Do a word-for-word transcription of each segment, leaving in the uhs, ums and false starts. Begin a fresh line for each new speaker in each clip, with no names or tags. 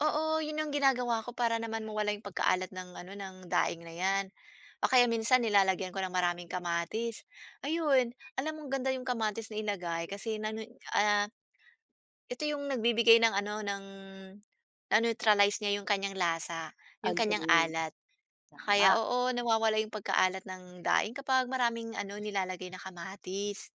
Oo, 'yun yung ginagawa ko para naman mawala yung pagkaalat ng ano, ng daing na yan, o kaya minsan nilalagyan ko ng maraming kamatis. Ayun, alam mong ganda yung kamatis na ilagay kasi nan 'yun ah, ito yung nagbibigay ng ano ng, na-neutralize niya yung kanyang lasa, yung kanyang
Agree.
alat. Kaya,
Tama.
oo nawawala yung pagkaalat ng daing kapag maraming ano nilalagay na kamatis.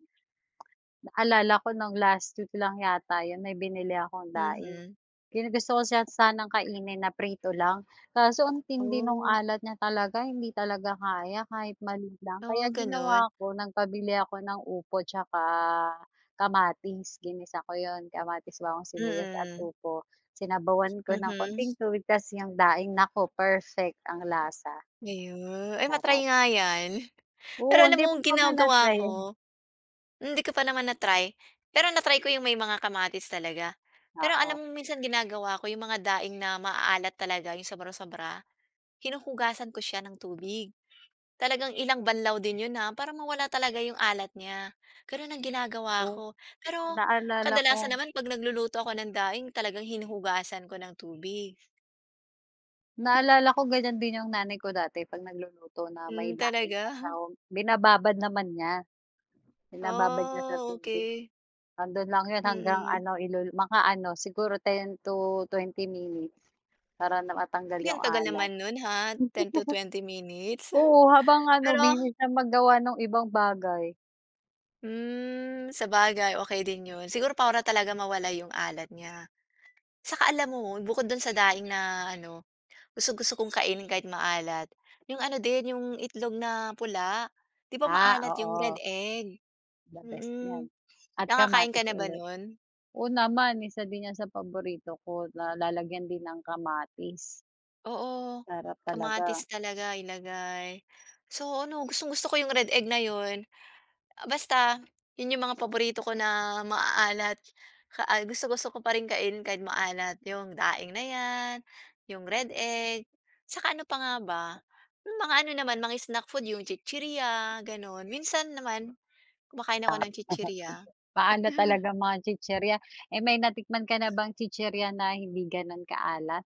Naalala ko nung last week lang yata 'yun, may binili akong daing.
Mhm.
Kina gusto ko san sanang kainin na prito lang, kaso ang tindi nung
Oh.
alat niya talaga hindi talaga kaya kahit maliit lang, kaya
Oh, gano'n.
ginawa ko nagpabili ako ng upo 'tsaka kamatis, ginisa ko 'yun, kamatis, bawang, sibuyas at
Mm.
upo, sinabawan ko ng
Mhm.
konting tubig ta's yung daing naku, perfect ang lasa.
Ayu ay ma-try
Sarap.
nga yan,
Oo,
pero
hindi
alam
mo
mong
pa ba
ginagawa
na-try 'yun?
ko Hindi ko pa naman na-try pero na-try ko 'yong may mga kamatis talaga, pero alam
Oo.
mo minsan ginagawa ko 'yong mga daing na maaalat talaga 'yong sobra-sobra, hinuhugasan ko siya ng tubig, talagang ilang banlaw din 'yon ha, para mawala talaga 'yong alat niya, gano'n ang ginagawa
Oh,
ko. Pero
naalala
kadalasan
ko.
naman 'pag nagluluto ako ng daing talagang hinuhugasan ko ng tubig.
Naalala ko ganiyan din yung nanay ko dati 'pag nagluluto na may
Hmm,
daing na
talaga?
sahog, binababad naman niya, binababad niya sa
Oh,
tubig,
okey.
'ando'n lang 'yun hanggang
Mm.
ano ilu mga ano siguro ten to twenty minutes para na matanggal
Ay,
yung
ang tagal
alat.
naman no'n, ha, ten to twenty minutes.
Oo, habang ano,
Pero
busy siya maggawa nung ibang bagay.
Hmm, sabagay okey din 'yon, siguro para talaga mawala 'yong alat niya. Saka alam mo bukod do'n sa daing na ano, gusto-gusto kong kainin kahit maalat, 'yong ano din 'yong itlog na pula, 'di ba
Ah,
maalat 'yong red
oo.
egg?
The best
Mm,
yan, at
nakakain ka
kamatis
na ba
ulit.
no'n?
Oo naman, isa din yan sa paborito ko na lalagyan din ng kamatis.
Oo,
Sarap talaga.
kamatis talaga ilagay, so ano gustong-gusto ko 'yong red egg na 'yon, basta 'yon 'yong mga paborito ko na maaalat. Ka ay gusto-gusto ko pa rin kainin kahit maalat, 'yong daing na 'yan, 'yong red egg, 'saka ano pa nga ba? Mga ano naman mga snack food 'yong chichiriya gano'n, minsan naman kumakain ako
Tap
ng tsitsirya.
tsitsir pa ano talaga mga tsitsirya, eh, may natikman ka na bang tsitsirya na hindi gano'n kaalat?